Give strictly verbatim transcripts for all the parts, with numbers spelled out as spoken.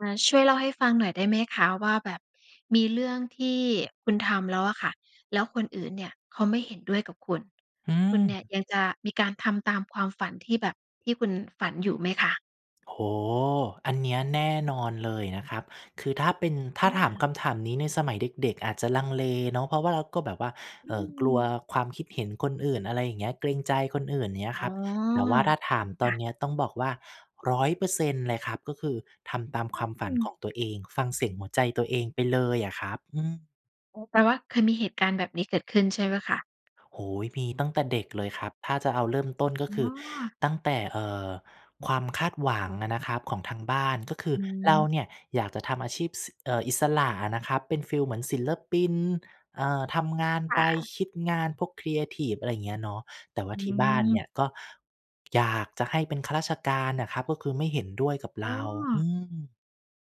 อ่า ช่วยเล่าให้ฟังหน่อยได้ไหมคะว่า แบบมีเรื่องที่คุณทำแล้วอะค่ะ แล้วคนอื่นเนี่ยเขาไม่เห็นด้วยกับคุณ อืคุณเนี่ยม ยังจะมีการทำตามความฝันที่แบบที่คุณฝันอยู่ไหมคะ? โอ้โฮ อันเนี้ยแน่นอนเลยนะครับ คือถ้าเป็น ถ้อา าถามค่ะ คำถามนี้ในสมัยเด็ก ๆ อาจจะลังเลเนาะ เพราะว่าเราก็แบบว่า อืเอ่อ กลัวม ความคิดเห็นคนอื่น อะไรอย่างเงี้ย เกรงใจคนอื่น เงี้ยอ๋คอ รับ แต่ว่าถ้าถามคตอ่นะ เนี้ยต้องบอกว่า ร้อยเปอร์เซ็นต์ เลยครับ ก็คือทำตามอค้อ วามฝอืันม ของตัวเอง ฟังเสียงหัวใจตัวเองไปเลยอะครับ อืม อ๋อ แปลว่าเคยมีเหตุการณ์แบบนี้เกิดขึ้นใช่เปล่าคะ? โอ้โฮ มีตั้งแต่เด็กเลยครับ ถ้าจะเอาเริ่มต้นก็อ๋คือ อ ตั้งแต่ เอ่อ ความคาดหวัคง่ะ อะนะครับ ของทางบ้าน ก็คืออืเราม เนี่ยอยากจะทำอาชีพ ส เอ่อ อิสระอะนะครับ เป็นฟีลเหมือนศิลปิน เอ่อ ทำงานคไ่ปะ คิดงานพวกครีเอทิฟ อะไรอย่างเงี้ยเนาะ แต่วอ่ืาที่บ้านเม นี่ยก็ อยากจะให้เป็นข้าราชการน่ะครับ ก็คือไม่เห็นด้วยกับอเ้รา อ อืม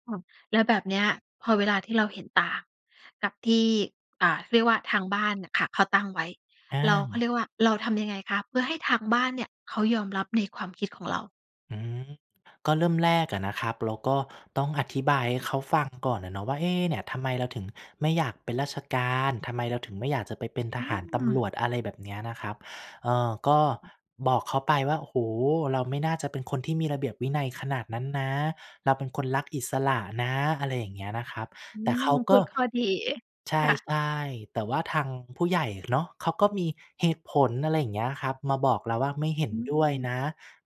ค่ะ แล้วแบบเนี้ย พอเวลาที่เราเห็นต่างกับที่ อ่า เรียกว่า ทางบ้านน่ะค่ะเขาตั้งไว้ อเรา เขาเา รียกว่า เราทำยังไงคะ เพื่อให้ทางบ้านเนี่ย เขายอมรับในความคิดของเรา? อืม ก็เริ่มแรกอะนะครับ เราต้องอธิบายให้เขาฟังก่อนอะเนาะว่า เอ๊ เนี่ยทำไมเราถึงไม่อยากเป็นราชการ ทำไมเราถึงไม่อยากจะไปเป็นอทืหาร ตำรม วจ อะไรแบบเนี้ยนะครับ เอ่อ ก็บอกเขาไปว่า โอ้โฮ เราไม่น่าจะเป็นคนที่มีระเบียบวินัยขนาดนั้นนะ เราเป็นคนรักอิสระนะ อะไรอย่างเงี้ยนะครับ อืแต่เม ขาพกู็ ดข้อดีใชค่ะ ่ ๆ แต่ว่าทางผู้ใหญ่เนาะ เขาก็มีเหตุผล อะไรอย่างเงี้ยครับ มาบอกเราว่า ไม่เห็อนืด้วยม นะ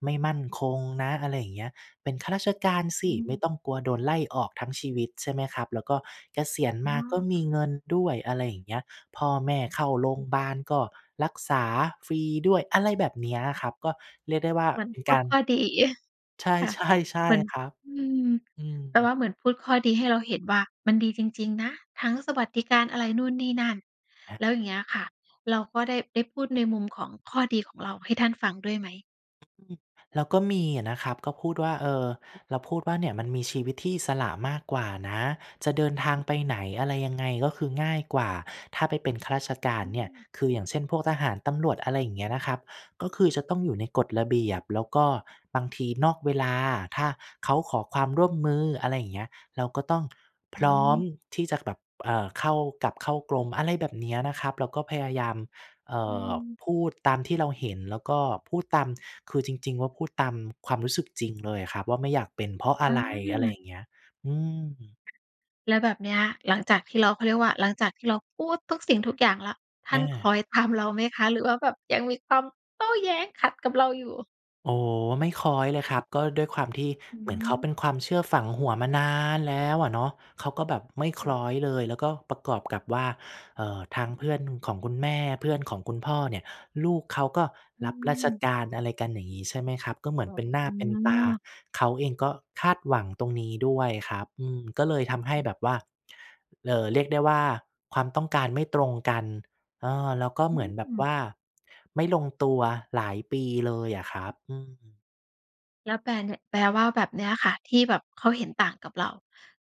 ไม่มั่นคงนะ อะไรอย่างเงี้ย เป็นข้าราชการสอืิ ไมม ่ต้องกลัวโดนไล่ออกทั้งชีวิต ใช่ไหมครับ แล้วก็เกษียณอมา๋ก็มอ ีเงินด้วย อะไรอย่างเงี้ย พ่อแม่เข้าโรงบาล ก็รักษาฟรีด้วย อะไรแบบเนี้ยอะครับ ก็เรียกได้ว่า เหมือนเป็นพูกดาร ข้อดี ใช่ ค่ะ ใช่ ใช่เหมือน ครับ อืม อืแต่ม ว่าเหมือนพูดข้อดีให้เราเห็นว่า มันดีจริง ๆ นะ ทั้งสวัสดิการ อะไรนู่น นี่ นั่น อแลา ้วอย่างเงี้ยค่ะ เราก็ได้ ได้พูดในมุมของข้อดีของเรา ให้ท่านฟังด้วยไหม? แล้วก็มีอะนะครับ ก็พูดว่า เออ เราพูดว่า เนี่ยมันมีชีวิตที่อิสระมากกว่านะ จะเดินทางไปไหน อะไรยังไง ก็คือง่ายกว่า ถ้าไปเป็นข้าราชกาอรืเนี่ย ม คืออย่างเช่น พวกทหาร ตำรวจ อะไรอย่างเงี้ยนะครับ ก็คือจะต้องอยู่ในกฎระเบียบ แล้วก็บางทีนอกเวลาถ้าเขาขอความร่วมมือ อะไรอย่างเงี้ย เราก็ต้องพอืร้อมม ที่จะแบบ เอ่อ เข้า กลับเข้ากรม อะไรแบบเนี้ยนะครับ แล้วก็พยายาม เอ่อือ ม พูดตามที่เราเห็นแล้วก็พูดตาม คือจริง ๆ ว่าพูดตามความรู้สึกจริงเลยอะครับว่า ไม่อยากเป็นเพราะอะอไร? อะไรอยา ่างเงี้ย อืม แล้วแบบเนี้ย หลังจากที่เรา เขาเรียกว่า หลังจากที่เราพูดทุกสิ่งทุกอย่างแล้ว ท่อานคล้า อยตามเราไหมคะ หรือว่าแบบยังมีความ โต้แย้ง ขัดกับเราอยู่? โอ้โฮ ไม่คล้อยเลยครับ ก็ด้วยความที่อืเหมือนเขาม เป็นความเชื่อฝังหัวมานานแล้วอะเนาะ เขาก็แบบไม่อคืลม ้อยเลย แล้วก็ประกอบกับว่า เอ่อ ทางเพื่อนของคุณแม่ เพื่อนของคุณพ่อเนี่ย ลูกเขาก็อรืับราชม การ อะไรกัน อย่างนี้ใช่ไหมครับ ก็เหมืออน๋อ เป็นหน้อาืเป็นตา ม เขาเองก็คาดหวังตรงนี้ด้วยครับ อืม ก็เลยทำให้อืม แบบว่า เอ่อ เรียกได้ว่า ความต้องการไม่ตรงกัน เออ แล้วก็อเหมือนแบบืวม ่า ไม่ลงตัวหลายปีเลยอะครับ อืม แล้วแปลเนี่ย แปลว่าแบบเนี้ยค่ะ ที่แบบเขาเห็นต่างกับเรา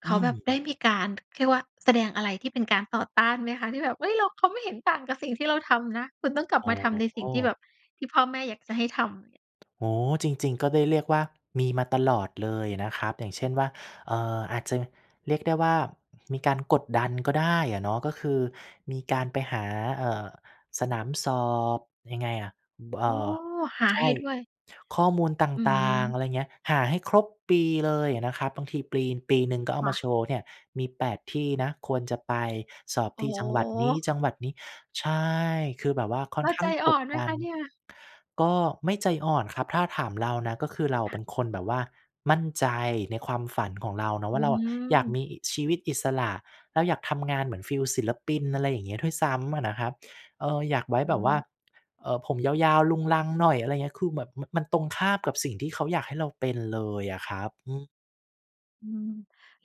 เอขืาแบม บได้มีการเรียกว่า แสดงอะไรที่เป็นการต่อต้านไหมคะ? ที่แบบ เฮ้ย เรา เขาไม่เห็นต่างกับสิ่งที่เราทำนะ คุณต้องกลับอม๋าทำในสิ่งที่แบอ บที่พ่อแม่อยากจะให้ทำ โอ้โฮ จริง ๆ ก็ได้เรียกว่ามีมาตลอดเลยนะครับ อย่างเช่นว่า เอ่อ อาจจะเรียกได้ว่า มีการกดดันก็ได้อะเนาะ ก็คือมีการไปหา เอ่อ สนามสอบ ยังไงอะ เออ๋อ ่อ หาใชให่ ้ด้วย ข้อมูลตอื่าง ๆ ม อะไรอย่างเงี้ย หาให้ครบปีเลยนะครับ บางทีปลี ปีหนึ่งก็เอาค่มาะ โชว์เนี่ย มี แปด ที่นะ ควรจะไปสอบโอ้ที่โจังหวัดนี้ ฮ ๆ ใช่ คือแบบว่าค่แลอ้นวข้ใจางอก่อดนไหมดคัน ะเนี่ย? ก็ไม่ใจอ่อนครับ ถ้าถามเรานะ ก็คือเราค่เปะ ็นคนแบบว่ามั่นใจในความฝันของเราเนาะอวื่า เราอยากม มีชีวิตอิสระ เราอยากทำงานเหมือนฟีลศิลปิน อะไรอย่างนี้ ด้วยซ้ำอะนะครับ เออ อยากไว้อืแบบว่า ม เอ่อ ผมยาว ๆ รุงรังหน่อย อะไรอย่างเงี้ย คือแบบมัน มันตรงข้ามกับสิ่งที่เขาอยากให้เราเป็นเลยอะครับ อืม อืม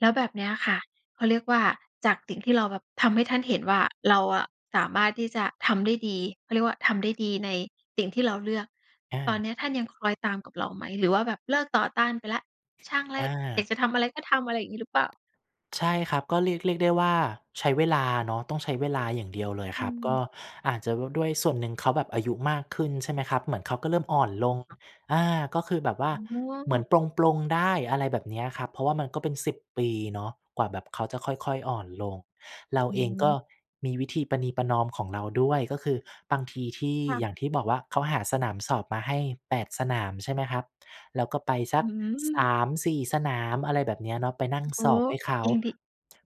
แล้วแบบเนี้ยค่ะ เขาเรียกว่า จากสิ่งที่เราแบบทำให้ท่านเห็นว่า เราอะสามารถที่จะทำได้ดี เขาเรียกว่า ทอืำไม ด้ดีในสิ่งที่เราเลือก อตอนา เนี้ยท่านยังคอยตามกับเราไหม? หรือว่าแบบเลิกต่อต้านไปแล้ว ช่างแล้อว อยากา จะทำอะไรก็ทำ อะไรงี้หรือเปล่า? ใช่ครับ ก็เรียก เรียกได้ว่าใช้เวลาเนาะ ต้องใช้เวลาอย่างเดียวเลยอืครับ กม ็อาจจะว่าด้วยส่วนหนึ่งเขาแบบอายุมาก ขึ้น ใช่ไหมครับ เหมือนเขาก็เริ่มอ่อนลง อ๋อ อา ก็คือแบบว่าอเหมื๋อนอ ปลง ๆ ได้ อะไรแบบเนี้ยครับ เพราะว่ามันก็เป็น สิบ ปีเนาะกว่าแบบเขาจะค่อย ๆ อ่อนลง เราเองก็หือ มีวิธีประนีประนอมของเราด้วย ก็คือบางทีที่ ค่อย่างะ ที่บอกว่าเขาหาสนามสอบมาให้ แปด สนาม ใช่ไหมครับ เราก็ไปสอัื้ก อฮือ อืสม ามสี่ สนาม อะไรแบบเนี้ยเนาะ ไปนั่งโอ้ สอบให้เขา ยังดี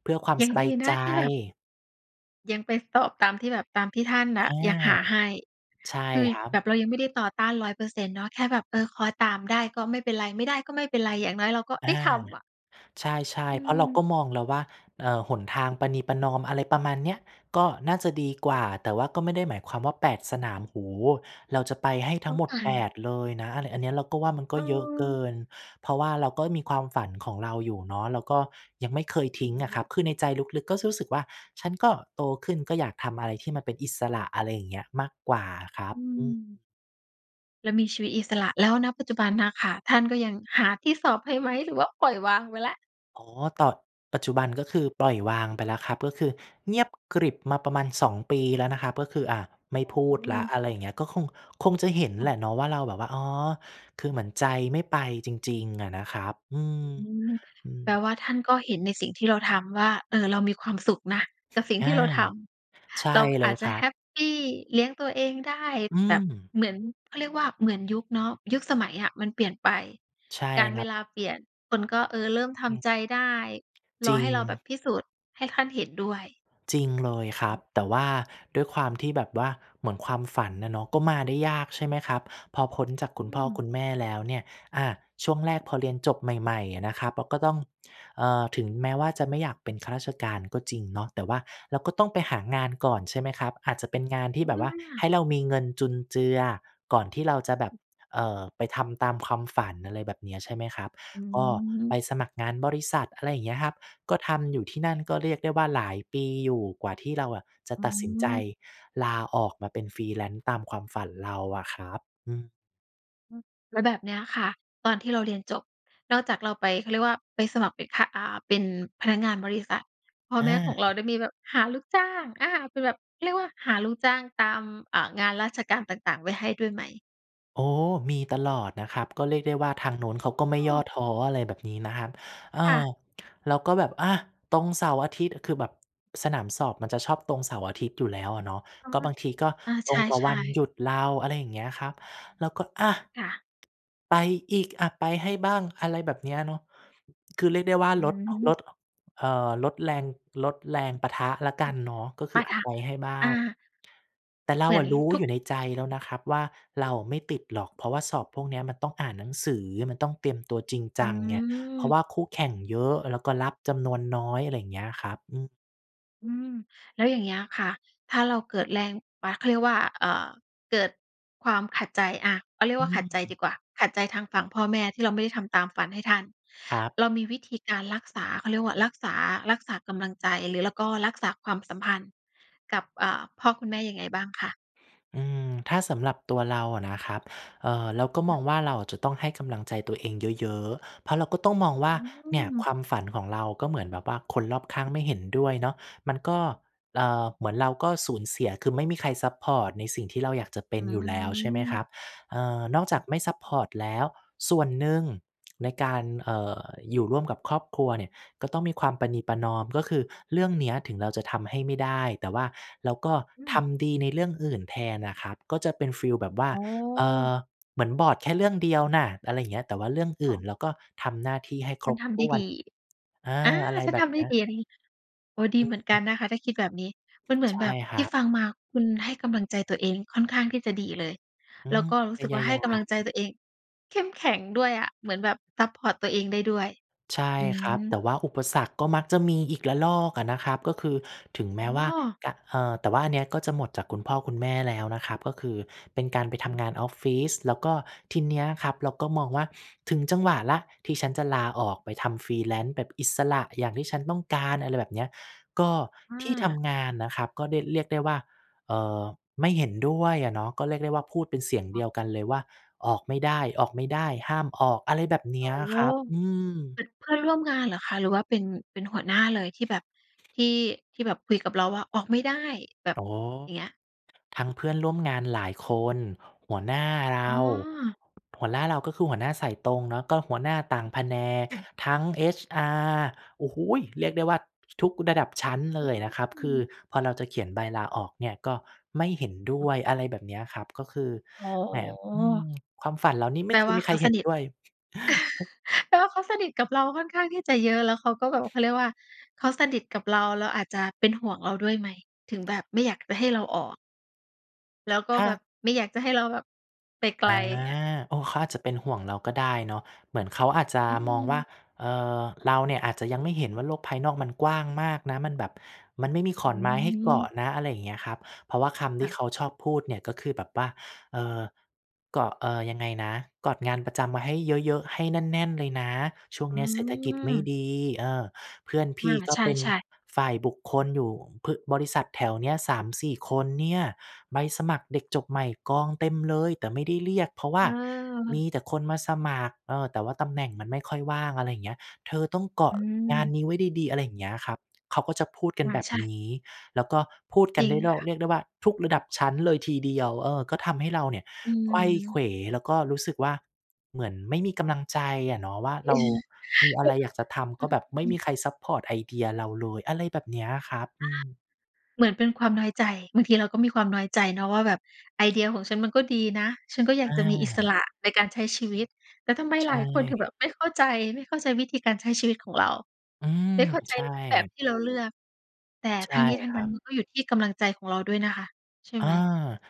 เพื่อความยัสงบดีายนใะจ ที่แบบ ยังไปสอบตามที่แบบ ตามที่ท่านนอ่ะา อยากหาให้ ใช่คือครัแบบ บเรายังไม่ได้ต่อต้าน ร้อยเปอร์เซ็นต์ เนาะ แค่แบบ เออ คล้อยตามได้ก็ไม่เป็นไร ไม่ได้ก็ไม่เป็นไร อย่างน้อยเราก็อได้า ทำอะ ใช่ อืๆ เพราะเรากม ็มองแล้วว่า เอ่อ หนทางประนีประนอม อะไรประมาณเนี้ย ก็น่าจะดีกว่ค่ะ า แต่ก็ไม่ได้หมายความว่า แปด สนาม โอ้โฮ เราจะไปให้ทตั้้งองหมด กาแปร ด เลยนะ อะไร อันเนี้ยเราก็ว่า มันกเ็เยอะเกออ ิน เพราะว่าเราก็มีความฝันของเราอยู่เนาะ เราก็ยังไม่เคยทิ้งอะครับ คือในใจลึก ๆ ก็รู้สึกว่า ฉันก็โตขึ้นก็อยากทำอะไรที่มันเป็นอิสระ อะไรอย่างเงี้ย มากกว่าอะครับ อือืม ม เรามีชีวิตอิสระแล้ว ณ ปัจจุบันน่ะค่ะ ท่านก็ยังหาที่สอบให้ไหม? หรือว่าปล่อยวางไปแล้ว? อ๋อ ต่อ ปัจจุบันก็คือปล่อยวางไปแล้วครับ ก็คือเงียบกริบมาประมาณ สอง ปีแล้วนะครับ ก็คือ อ่า ไม่อ๋อ พูอด ืแล้ว ม อะไรอย่างเงี้ย ก็คง คงจะเห็นค่แหะ ละเนาะว่าเราแบบว่า อ๋อ คือเหมือนใจไม่ไปจริง ๆ อะนะครับ อือ อืม อืแปลม ว่าท่านก็เห็นในสิ่งที่เราทำว่า เอ่อ เรามีความสุขนะกับสิ่งอา ที่เราทใช่ำ เราเลอยาจจคะรัแฮบ ปปีเลี้ยงตัวเองได้อืแบบม เหมือน เขาเรียกว่า เหมือนยุคเนาะ ยุคสมัยอะมันเปลี่ยนไป ใช่กาลครเวับ ลาเปลี่ยนคนก็ เออ เริ่มทอืม ำใจได้ จรรอใิห้ง เราแบบพิสูจน์ให้ท่านเห็นด้วย จริง เลยครอัืบ อแฮตึ ่ว่าด้วยความที่แบบว่า เหมือนความฝันน่ะเนาะ ก็มาได้ยาก ใช่ไหมครับ พอพ้นจากคุอณืพ่อม คุณแม่แล้วเนี่ย อา ช่วงแรกพอเรียนจบใหม่ ๆ อะนะครับ เราก็ต้อง อ่า ถึงแม้ว่าจะไม่อยากเป็นข้าราชการก็จริงเนาะ แต่ว่าเราก็ต้องไปหางานก่อน ใช่ไหมครับ อาจจะเป็นงานที่อแบบว่า า ให้เรามีเงินจุนเจือก่อนที่เราจะแบบ อือ เอ่อ ไปทำตามความฝัน อะไรแบบเนี้ยใช่ไหมครับ อืก็อ ไปสมัครงานบริษัท อะไรอย่างเงี้ยครับ ก็ทำอยู่ที่นั่นก็เรียกได้ว่าหลายปีอยู่ กว่าที่เราอะจะอืตัดสินใจอ ลาออกมาเป็น Freelance ตามความฝันเราอะครับ อือ แล้วแบบเนี้ยค่ะ ตอนที่เราเรียนจบ นอกจากเราไป เขาเรียกว่า ไปสมัครเป็นขะ อา เป็นพนักงานบริษัท พ่ออแม่ของเราา ได้มีแบบหาลูกจ้าง อา คือแบบ เขาเรียกว่า หาลูกจ้างตาม อ่า งานราชการต่าง ๆ ไว้ให้ด้วยไหม? โอ้! มีตลอดนะครับ ก็เรียกได้ว่าทางโน้นเขาก็ไมโ่อย่อ้! ท้อ อะไรแบบนี้นะครับ อา ค่ะ แล้วก็แบบ อา! ตรงเสาร์อาทิตย์ คือแบบสนามสอบมันจะชอบตรงเสาร์อาทิตย์อยู่แล้วอะเนาะ โต๊ก็บย างทีก็อา ตใรงต่อชวั่ นๆ หยุดเรา อะไรอย่างเงี้ยครับ แล้วก็ อา! ค่ะ ไปอีก อะ ไปให้บ้าง อะไรแบบเนี้ยเนาะ คือเรียกได้ว่าอลด ลืม ด เอ่อ ลดแรง ลดแรงปะทะแล้วกอัือ นเนาะ ก็ไคปือ อา ค่ะ ไปให้บ้าอา ง แต่เรเหามืออนะรู้ทุอก ยู่ในใจแล้วนะครับว่า เราไม่ติดหรอก เพราะว่าสอบพวกเนี้ยมันต้องอ่านหนังสือ มันต้องเตรียมตัวจริงอจืังไง เพราม ะว่าคู่แข่งเยอะ แล้วก็รับจำนวนน้อย อะไรอย่างเงี้ยครับ อืม อืม แล้วอย่างเงี้ยค่ะ ถ้าเราเกิดแรงปะ เขาเรียกว่า เอ่อ เกิดความขัดใจ อะ อา เรียกวอ่า ขัดใจืม ดีกว่า ขัดใจทางฝั่งพ่อแม่ที่เราไม่ได้ทำตามฝันให้ท่าน ครับ เรามีวิธีการรักษา เขาเรียกว่า รักษา รักษากำลังใจ หรือ แล้วก็รักษาความสัมพันธ์กับ เอ่อ พ่อคุณแม่ยังไงบ้างคะ? อืม ถ้าสำหรับตัวเราอะนะครับ เอ่อ เราก็มฮอึ งว่า เราอะจะต้องให้กำลังใจตัวเองเยอะ ๆ เพราะเราก็ต้องมองวอ่ืา เนี่ย ม ความฝันของเราก็เหมือนแบบว่า คนรอบข้างไม่เห็นด้วยเนาะ มันก็ เอ่อ เหมือนเราก็สูญเสีย คือไม่มีใครซัปพอร์ตในสิ่งที่เราอยากจะเปอ็ืนอยู่แล้ว ใช่ไหมครม ับ เอ่อ นอกจฮาึ กไม่ซัปพอร์ตแล้ว ส่วนหนึ่งในการ เอ่อ อยู่ร่วมกับครอบครัวเนี่ย ก็ต้องมีความประนีประนอม ก็คือเรื่องเนี้ยถึงเราจะทำให้ไม่ได้ แต่ว่าเราก็อืทม ำดีในเรื่องอื่นแทนน่ะครับ ก็จะเป็นฟีลแบบว่า โอเอ่้! อ เหมือนบอดแค่เรื่องเดียวน่ะ อะไรอย่างเงี้ย แต่ว่าเรื่องอค่ื่นะ เราก็ทำหน้าที่ให้คมัรนบทำถได้้วดน ี เออา! อ อะไรฉัแนบทบำไเดน้ี้ย ดีอันนี้ โอ้โฮ ดีอืเหมือนกัอ นนะคะถ้าคิดแบบนี้ มันเหมืใอชน่แบบครทัี่บ ฟังมาคุณให้กำลังใจตัวเองค่อนข้างที่จะดีเลย อืแล้วม ก็รู้พสึกยวา่า ใยห้ากำลัม งใจตัวเอง เข้มแข็งด้วยอะ เหมือนแบบซัปพอร์ตตัวเองได้ด้วย ใช่อืครับ แต่ม ว่าอุปสรรคก็มักจะมีอีกระลอกอะนะครับ ก็คือถึงแมอ้๋ว่า อ! ก เอ่อ แต่ว่าอันนี้ก็จะหมดจากคุณพ่อคุณแม่แล้วนะครับ ก็คือเป็นการไปทำอือ งานออฟฟิศ แล้วก็ทีเนี้ยครับเราก็มองว่า ถึงจังหวะแล้ว ที่ฉันจะลาออกไปทำ freelance แบบอิสระอย่างที่ฉันต้องการ อะไรแบบเนี้ย ก็อที่ทา ำงานนะครับ ก็ได้ เรียกได้ว่า เอ่อ ไม่เห็นด้วยอะเนาะ ก็เรียกได้ว่า พูดเป็นเสียงเอด๋อ ียวกันเลยว่า "ออกไม่ได้ ออกไม่ได้ ห้ามออก" อะไรแบบเนอี๋้อ ยอะครับ อืเปม ็นเพื่อนร่วมงานเหรอคะ หรือว่าเป็น เป็นหัวหน้าเลยที่แบบ ที่ ที่แบบคุยกับเราว่า ออกไม่ได้ แบบ ต๋อ อย่างเงี้ย? ทั้งเพื่อนร่วมงานหลายคน หัวหน้าเรอ๋า อ หัวหน้าเราก็คือหัวหน้าใส่ตรงเนาะ ก็หัวหน้าต่างแผนก อือ ทั้ง HR โอ้โฮ! เรียกได้ว่า ทุกระดับชั้นเลยนะครับ อืคือม พอเราจะเขียนใบลาออกเนี่ย ก็ไม่เห็นดอ้ืวอ ย อะไรแบบเนี้ยครับ ก็คือโอ้แบบ โอืม ฮ! ความฝันเหล่านี้ไมแป่ลเควย่ามีเใขคราเสห็นนิท ด้วย แปลว่าเขาสนิทกับเราค่อนข้างที่จะเยอะ แล้วเขาก็แบบ เขาเรียกว่า เขาสนิทกับเรา แล้วอาจจะเป็นห่วงเราด้วยไหม ถึงแบบไม่อยากจะให้เราออก? แล้วก็ถ้แบบา ไม่อยากจะให้เราแบบ ไปไกอลา อย่างเงี้ย โอ้ เขาอาจจะเป็นห่วงเราก็ได้เนาะ เหมือนเขาอาจจะอมองว่า ืม เอ่อ เราเนี่ยอาจจะยังไม่เห็นว่าโลกภายนอกมันกว้างมากนะ มันแบบ มันไม่มีขอือนไม้ให้เกม าะนะ อะไรอย่างเงี้ยครับ เพราะว่าคำคที่่ะ เขาชอบพูดเนี่ยก็คือแบบว่า เออ เกาะ เออ ยังไงนะ กอดงานประจำไว้ให้เยอะ ๆ ให้แน่น ๆ เลยนะ ช่วงอเนืี้ยเศรษฐกิจไม่ม ดี เออ เพื่อนพอีา ่ก็ใเป็นช่ ๆ ฝ่ายบุคคลอยู่ พึ บริษัทแถวนี้ สามสี่ คนเนี่ย ใบสมัครเด็กจบใหม่กองเต็มเลย แต่ไม่ได้เรียก เพราะว่ามเออ ีแต่คนมาสมัคร เออ แต่ว่าตำแหน่งมันไม่ค่อยว่าง อะไรอย่างเงี้ย เธอต้องเกาอะืงานม นี้ไว้ดี ๆ อะไรอย่างเงี้ยครับ เขาก็จะพูดกคัน่ะ แบบใช่ นี้ แล้วก็พูดกัจรนิไงด้ ล ค่เระ ียกได้ว่าทุกระดับชั้นเลยทีเดียว เออ ก็ทำให้เราเนี่ยอืไขว้เขวม แล้วก็รู้สึกว่า เหมือนไม่มีกำลังใจอะเนาะว่า เราอืมีอะไรอยากจะทำก็แบบไม่มม ๆ ีใครซัปพอร์ตไอเดียเราเลย อะไรแบบเนี้ยอะครับ อืม เหมือนเป็นความน้อยใจ บางทีเราก็มีความน้อยใจเนาะว่าแบบไอเดียของฉันมันก็ดีนะ ฉันก็อยากจะมีอิสรอา ะในการใช้ชีวิต แล้วทำไมใชหลายคนถึง่ แบบไม่เข้าใจ ไม่เข้าใจวิธีการใช้ชีวิตของเรา อืม ไม่เข้าใจใช่ แบบที่เราเลือก แต่ใชทั่้งนี้ทั้งครนัั้นบ มันก็อยู่ที่กำลังใจของเราด้วยนะคะ ใช่อไหม า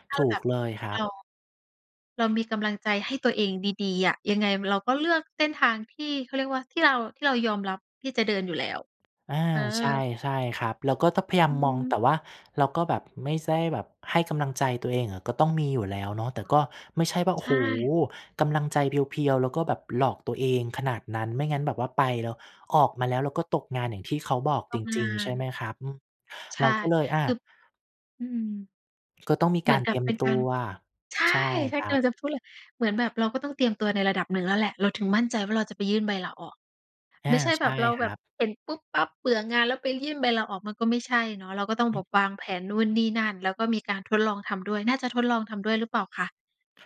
ถ้าถูแบกบเลยครเัรบ า เรามีกำลังใจให้ตัวเองดี ๆ อะ ยังไงเราก็เลือกเส้นทางที่ เขาเรียกว่า ที่เรา ที่เรายอมรับที่จะเดินอยู่แล้ว อา เอใชอ ่ ๆ ครับ เราก็ต้องพยายาอมมอง ืม แต่ว่าเราก็แบบ ไม่ใช่แบบให้กำลังใจตัวเองอะ ก็ต้องมีอยู่แล้วเนาะ แต่ก็ไม่ใช่ว่า ใโอช้โฮ! ่ กำลังใจเพียว ๆ แล้วก็แบบหลอกตัวเองขนาดนั้น ไม่งั้นแบบว่าไปแล้ว ออกมาแล้ว แล้วก็ตกงานอย่างที่เขาบอกกจ็มรา ิง ๆ ใช่ไหมครับ อืม ใชเร่ าก็เลย อคา ือ อืม ก็ต้องมีเหมกืาอนรเกัตบรียเมป็นตกาัร ว ใช่ ใช่ใช่ ครกัำลับ งจะพูดเลย เหมือนแบบเราก็ต้องเตรียมตัวในระดับหนึ่งแล้วแหละ เราถึงมั่นใจว่าเราจะไปยื่นใบลาออก อา ไม่ใช่ใชแบ่บเราคแบรับบ เห็นปุ๊บปั๊บเบื่องานแล้วไปยื่นใบลาออกมันก็ไม่ใช่เนาะ เราก็ต้องอแบืม บวางแผนนู่นนี่นั่น แล้วก็มีการทดลองทำด้วย น่าจะทดลองทำด้วยหรือเปล่าคะ?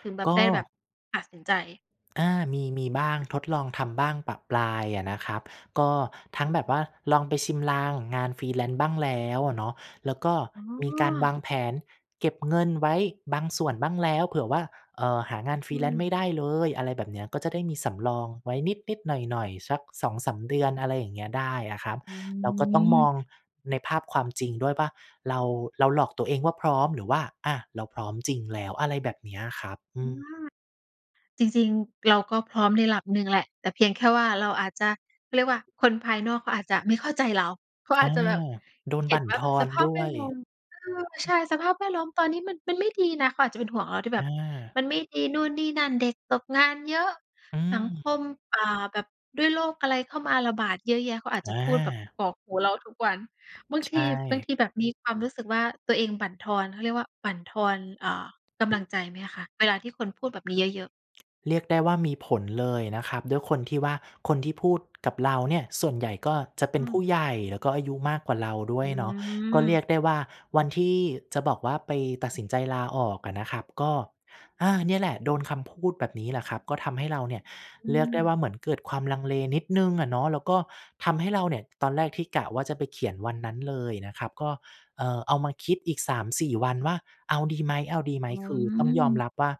ถึงแบกบ็ ได้แบบตัดสินใจ อา มี มีบ้าง ทดลองทำบ้างประปรายอะนะครับ ก็ทั้งแบบว่าลองไปชิมลางงาน Freelance บ้างแล้วอะเนาะ แล้วก็อ๋มีการวอ างแผนเก็บเงินไว้บางส่วนบ้างแล้ว เผื่อว่า เอ่อ หางาน อืFreelance ไม่ไดม ้เลย อะไรแบบเนี้ย ก็จะได้มีสำรองไว้นิด ๆ หน่อย ๆ สัก สองสาม เดือน อะไรอย่างเงี้ย ได้อะครับ อเราก็ต้องมืม องในภาพความจริงด้วยว่า เรา เราหลอกตัวเองว่าพร้อม หรือว่า อะ เราพร้อมจริงแล้ว อะไรแบบเนี้ยครับ อือา ม จริง ๆ เราก็พร้อมในระดับหนึ่งแหละ แต่เพียงแค่ว่าเราอาจจะ เขาเรียกว่า คนภายนอกเขาอาจจะไม่เข้าใจเรา เขาออาา จจะแบบ โดนเหบ็ัน่นว่าทอสนภาพดแ้ววดย ล้อม เออ ใช่ สภาพแวดล้อมตอนนี้มัน มันไม่ดีนะ เขาอาจจะเป็นห่วงเราที่แบอบา มันไม่ดีนู่นนี่นั่น เด็กตกงานเยอะ อืสังคม ม อ่า แบบด้วยโรคอะไรเข้ามาระบาดเยอะแยะ เขาอาจจอะพูดแบบา กรอกหูเราทุกวัน บางใชที บาง่ ทีแบบมีความรู้สึกว่า ตัวเองบั่นทอน เขาเรียกว่าบั่นทอน อ่า กำลังใจไหมคะเวลาที่คนพูดแบบนี้เยอะ ๆ? เรียกได้ว่ามีผลเลยนะครับ ด้วยคนที่ว่า คนที่พูดกับเราเนี่ยส่วนใหญ่ก็จะเป็อนืผู้ม ใหญ่ แล้วก็อายุมากกว่าเราด้วอยเนาะ ก็เรืม ียกได้ว่าวันที่จะบอกว่าไปตัดสินใจลาออกอะนะครับ ก็ อา เนี่ยแหละ โดนคำพูดแบบนี้แหละครับ ก็ทำให้เราเนี่ยอืเรียกได้ม ว่า เหมือนเกิดความลังเลนิดหนึ่งอะเนาะ แล้วก็ทำให้เราเนี่ยตอนแรกที่กะว่าจะไปเขียนวันนั้นเลยนะครับ ก็ เอ่อ เอามาคิดอีก สามสี่ วันว่าเอาดีไหม เอาดีไหม? อืคือต้องยอมม รับว่า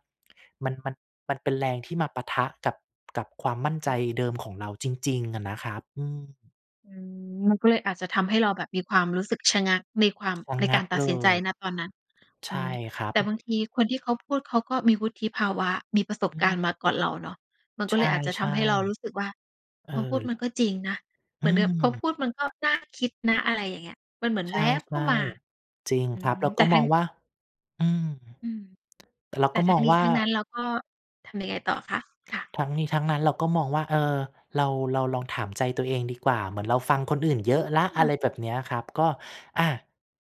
มัน มัน มันเป็นแรงที่มาปะทะกับ กับความมั่นใจเดิมของเราจริง ๆ อะนะครับ อืม อืม มันก็เลยอาจจะทำให้เราแบบมีความรู้สึกชะงักในความ ชะในงกัารกตัเดลสินใจ ย ณ ตอนนั้น ใชอื่ม ครัแตบ ่บางทีคนที่เขาพูดเขาก็มีวุฒิภาวะ มีประสบอืการณม ์มาก่อนเราเนาะ มันกใ็ชเลยอาจจะท่ ำให้เรารู้สึกว่า ๆ เอเอ ขาพูดมันก็จริงนะ เอหมือนกับเขาืม พูดมันก็น่าคิดนะ อะไรอย่างเงี้ย มันเหมือนใชแว็บเข้า่ มา ๆ จริงอืครับ ม เราแตก่็ทมั้อง งว่า อืม อืม แต่เราแตก่็ทมั้องงนี้ว่า ทั้งนั้นเราก็ ทำยังไงต่อคะ? ค่ะ ทั้งนี้ทั้งนั้นเราก็มองว่า เออ เรา เราลองถามใจตัวเองดีกว่า เหมือนเราฟังคนอื่นอเืยอม ะแล้ว คอ่ะะ ไรแบบเนี้ยครับ ก็ อะ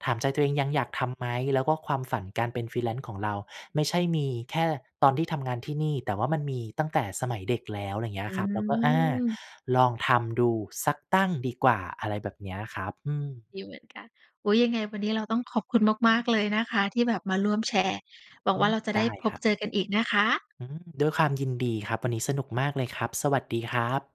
ถามใจตัวเองยังอยากทำไหม แล้วก็ความฝันการเป็น Freelance ของเราไม่ใช่มีแค่ตอนที่ทำงานที่นี่ แต่ว่ามันมีตั้งแต่สมัยเด็กแล้ว อะไรอย่างเงี้อืยครับ เราก็ อา ม ลองทำดูสักตั้งดีกว่า อะไรแบบเนี้ยครับ อืม ดีเหมือนกัน อุ๊ย ยังไงวันนี้เราต้องขอบคุณมาก ๆ เลยนะคะที่แบบมาร่วมแชร์ หวังอืว่าม เราจะไดได้้พคบรับ เจอกันอีกนะคะ อืม ด้วยความยินดีครับ วันนี้สนุกมากเลยครับ สวัสดีครับ